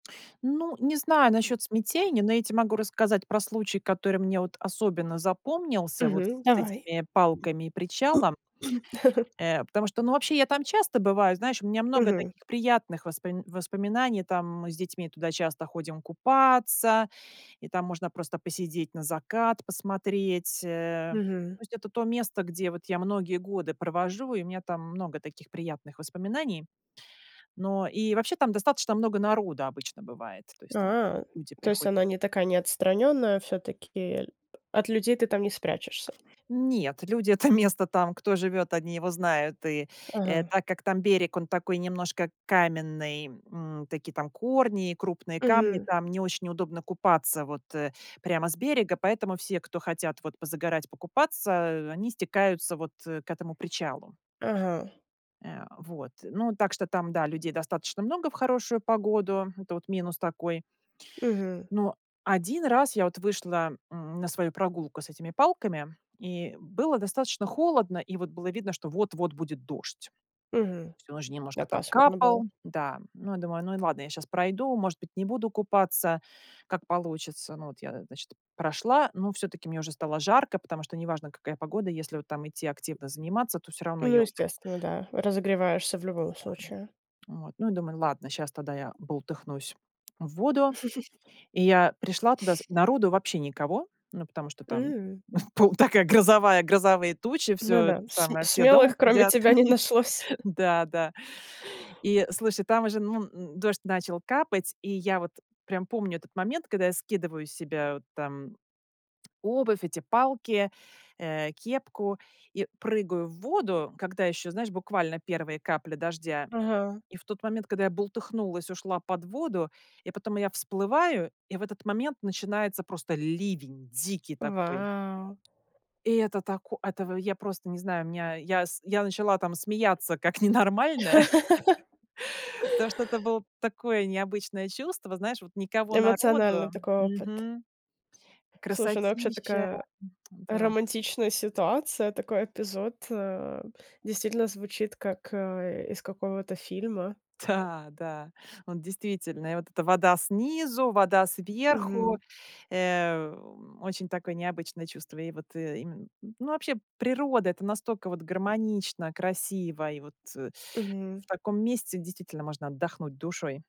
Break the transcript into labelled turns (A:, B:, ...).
A: Ну, не знаю насчет смятения, но я те могу рассказать про случай, который мне вот особенно запомнился вот с
B: Мгм,
A: с
B: давай.
A: этими палками и причалом. Э, потому что, ну, вообще я там часто бываю. Знаешь, у меня много
B: Мгм.
A: таких приятных воспом воспоминаний. Там мы с детьми туда часто ходим купаться, и там можно просто посидеть, на закат посмотреть, э.
B: Мгм.
A: То есть это то место, где вот я многие годы провожу, и у меня там много таких приятных воспоминаний. Но и вообще там достаточно много народа обычно бывает, то есть там
B: А!
A: люди
B: То есть
A: приходят
B: она не такая не отстранённая, а всё-таки, э ль от людей ты там не спрячешься.
A: Нет, люди это место там, кто живет, они его знают. И, э,
B: Ага.
A: так как там берег, он такой немножко каменный, м, такие там корни и крупные камни,
B: Мгм.
A: там не очень удобно купаться, вот, э, прямо с берега, поэтому все, кто хотят вот позагорать, покупаться, э, они стекаются, вот, э, к этому причалу.
B: Ага.
A: Э, вот, ну, так что там, да, людей достаточно много в хорошую погоду, это вот минус такой.
B: Мгм.
A: Но один раз я вот вышла, м, на свою прогулку с этими палками, и было достаточно холодно, и вот было видно, что вот-вот будет дождь.
B: Мгм.
A: Всю ночь
B: Да,
A: немножко там
B: пасмурно было.
A: капал. Да. Ну, я думаю, ну и ладно, я щас пройду, может быть, не буду купаться, как получится. Ну вот я, значит, прошла, ну всё-таки мне уже стало жарко, потому что неважно, какая погода. Если вот там идти активно заниматься, то всё равно
B: Ну
A: я уже
B: естественно, да, разогреваешься в любом
A: Да,
B: случае.
A: м. Вот, ну и думаю: "Ладно, щас тогда я бултыхнусь в воду". И я пришла туда, народу вообще никого, ну потому что там
B: М.
A: пол такая грозовая грозовые тучи, всё
B: Ну
A: это
B: да, см
A: самое, все дома
B: смелых, кроме
A: сидят.
B: тебя, не нашлось.
A: Да, да. И слушай, там уже, ну, н дождь начал капать. И я вот прям помню этот момент, когда я скидываю с себя вот там обувь, эти палки, э, кепку и прыгаю в воду, когда ещё, знаешь, буквально первые капли дождя.
B: Ага.
A: И в тот момент, когда я бултыхнулась, ушла под воду, и потом я всплываю, и в этот момент начинается просто ливень дикий такой.
B: Вау!
A: Это тако это в я просто не знаю, у меня я с я начала там смеяться как ненормальная, потому что это было такое необычное чувство, знаешь, вот никого
B: Эмоциональный
A: народу
B: такой опыт.
A: мгм,
B: Слушай, ну, вообще
A: красотища,
B: такая,
A: да.
B: романтичная ситуация, такой эпизод, э. Действительно звучит как, э, из какого-то фильма.
A: Да да, вот действительно, и вот эта вода снизу, вода сверху,
B: Мгм.
A: эм, очень такое необычное чувство. И вот, и м, ну вообще, природа- это настолько вот гармонично, красиво, и вот, э,
B: Мгм.
A: в таком месте действительно можно отдохнуть душой.